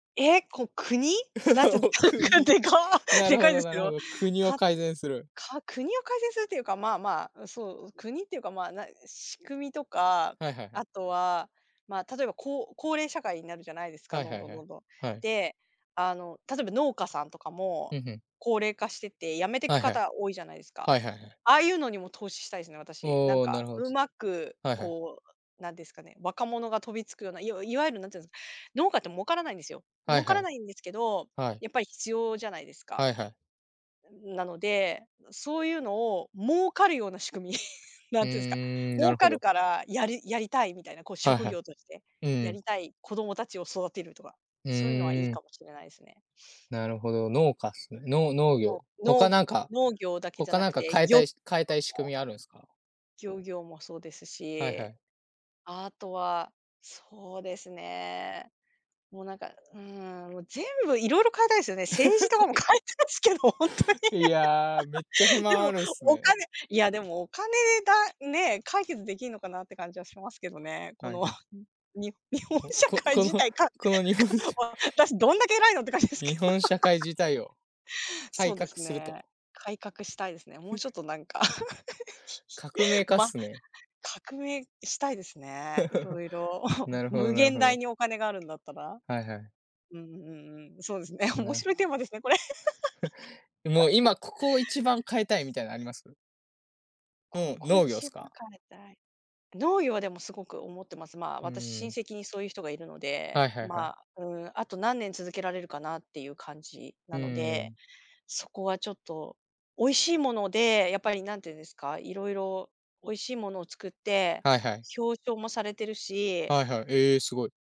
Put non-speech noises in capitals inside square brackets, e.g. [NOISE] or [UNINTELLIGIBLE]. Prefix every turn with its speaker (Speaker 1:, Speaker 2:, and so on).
Speaker 1: え、こん国？何て言
Speaker 2: [LAUGHS] お、
Speaker 1: うん [UNINTELLIGIBLE]
Speaker 2: 国、
Speaker 1: でか、
Speaker 2: な
Speaker 1: で
Speaker 2: るほ
Speaker 1: かいで
Speaker 2: ど
Speaker 1: す
Speaker 2: なるほ
Speaker 1: よ。
Speaker 2: ど、国を
Speaker 1: た
Speaker 2: 改善する。
Speaker 1: か国を改善するというか、まあまあ、うん、そう、国っていうか、まあ、な仕組みとか、
Speaker 2: はいはいはい。
Speaker 1: あとは、まあ、例えば、こう高齢社会になるじゃないですか、
Speaker 2: はい
Speaker 1: ど
Speaker 2: は
Speaker 1: ん
Speaker 2: い
Speaker 1: どん
Speaker 2: は
Speaker 1: どん
Speaker 2: い、
Speaker 1: どん。
Speaker 2: はい。
Speaker 1: で、あの、例えば農家さんとか
Speaker 2: ふ
Speaker 1: も、
Speaker 2: んふん。
Speaker 1: 高齢化してて、辞めて
Speaker 2: は
Speaker 1: く
Speaker 2: いはい。
Speaker 1: 方多いじゃないすか。
Speaker 2: はいはいはい。
Speaker 1: ああいうのにも投資したいすね、私。なん
Speaker 2: おお、な
Speaker 1: か
Speaker 2: るほ
Speaker 1: う
Speaker 2: す。
Speaker 1: まく
Speaker 2: はいはい。
Speaker 1: こう、なんですかね、若者が飛びつくような、いわいわゆる何て言うん、農家って儲からないんですよ。
Speaker 2: はい
Speaker 1: 儲か
Speaker 2: は
Speaker 1: ら
Speaker 2: い。
Speaker 1: ないんですけど、
Speaker 2: はい。
Speaker 1: やっぱり必要じゃないですか。
Speaker 2: はいはい。
Speaker 1: うん、なので、のそういうのを儲かるような仕組み、[CHUCKLES]
Speaker 2: う
Speaker 1: 何て言うんすか、
Speaker 2: ーん、な
Speaker 1: 儲
Speaker 2: るほ
Speaker 1: かる
Speaker 2: ど。
Speaker 1: からやりやりたいみたいな、こう
Speaker 2: はい
Speaker 1: 職
Speaker 2: はい。
Speaker 1: 業として、
Speaker 2: う
Speaker 1: や
Speaker 2: ん。
Speaker 1: りたい子供たちを育てるとか、
Speaker 2: う
Speaker 1: そういうのはいい
Speaker 2: ーん。
Speaker 1: かもしれないすね。
Speaker 2: なるほど、農家っすね。の農
Speaker 1: うん、
Speaker 2: 業、
Speaker 1: 農
Speaker 2: 他
Speaker 1: 農
Speaker 2: なんか、
Speaker 1: 農業だけじゃ
Speaker 2: 他
Speaker 1: な
Speaker 2: なん
Speaker 1: く
Speaker 2: か
Speaker 1: て、
Speaker 2: 変え
Speaker 1: 漁
Speaker 2: た
Speaker 1: と
Speaker 2: い、し変えたい仕
Speaker 1: かも。
Speaker 2: 組みあるんすか？
Speaker 1: 漁業もそうです
Speaker 2: はいは
Speaker 1: し、
Speaker 2: い。
Speaker 1: あとはそうですね、もうなんか、うん、もう全部いろいろ変えたいすよね、政治とか
Speaker 2: [LAUGHS]
Speaker 1: も変えたいすけどほんとに
Speaker 2: いや、めっちゃ不
Speaker 1: [LAUGHS] で
Speaker 2: 満あ
Speaker 1: も
Speaker 2: るんす
Speaker 1: お
Speaker 2: ね。
Speaker 1: 金、いやでもお金だ、ね、解決できるのかなって感じはしますけどね。こ
Speaker 2: はい
Speaker 1: の
Speaker 2: はい。
Speaker 1: うん、に日本
Speaker 2: お、
Speaker 1: 社
Speaker 2: こ
Speaker 1: 会
Speaker 2: この
Speaker 1: 自体かか
Speaker 2: この、日本しゃ
Speaker 1: 私どんだけ偉いのって感じですけど。
Speaker 2: 日本社会
Speaker 1: [LAUGHS]
Speaker 2: 自体を
Speaker 1: そ
Speaker 2: 改
Speaker 1: うで
Speaker 2: 革
Speaker 1: す
Speaker 2: する
Speaker 1: ね、
Speaker 2: と。
Speaker 1: 改革したいですね。もうちょっ
Speaker 2: [CHUCKLES]
Speaker 1: となんか、
Speaker 2: 革命
Speaker 1: [LAUGHS]
Speaker 2: 家っ
Speaker 1: ま、
Speaker 2: すね。
Speaker 1: 革命したいですね、色
Speaker 2: [CHUCKLES]
Speaker 1: 々。
Speaker 2: な
Speaker 1: [CHUCKLES]
Speaker 2: るほ
Speaker 1: 無
Speaker 2: どなる
Speaker 1: 限
Speaker 2: ほ
Speaker 1: 大
Speaker 2: ど。
Speaker 1: にお金があるんだったら。
Speaker 2: はいはい。
Speaker 1: うんうんうん、そうですね、面
Speaker 2: な。
Speaker 1: 白いテーマですね、これ。
Speaker 2: [CHUCKLES] もう
Speaker 1: [LAUGHS]
Speaker 2: 今ここを一番変えたいみたいなあります？
Speaker 1: こ
Speaker 2: もう、
Speaker 1: こ
Speaker 2: 農業っ
Speaker 1: 一
Speaker 2: す
Speaker 1: 番
Speaker 2: か？
Speaker 1: 変えたい。農業はでもすごく思ってます。まあ、
Speaker 2: うー
Speaker 1: 私親
Speaker 2: ん。
Speaker 1: 戚にそういう人がいるので、
Speaker 2: はいはいはい。
Speaker 1: まあ、うーん、あと何年続けられるかなっていう感じ
Speaker 2: う
Speaker 1: なの
Speaker 2: ー
Speaker 1: で、
Speaker 2: ん。
Speaker 1: そこはちょっと、美味しいもので、やっぱり何て言うんですか、色々、美味しいものを作って、
Speaker 2: はいはい。
Speaker 1: 表彰もされてるし
Speaker 2: はいはい、ええ、すごい。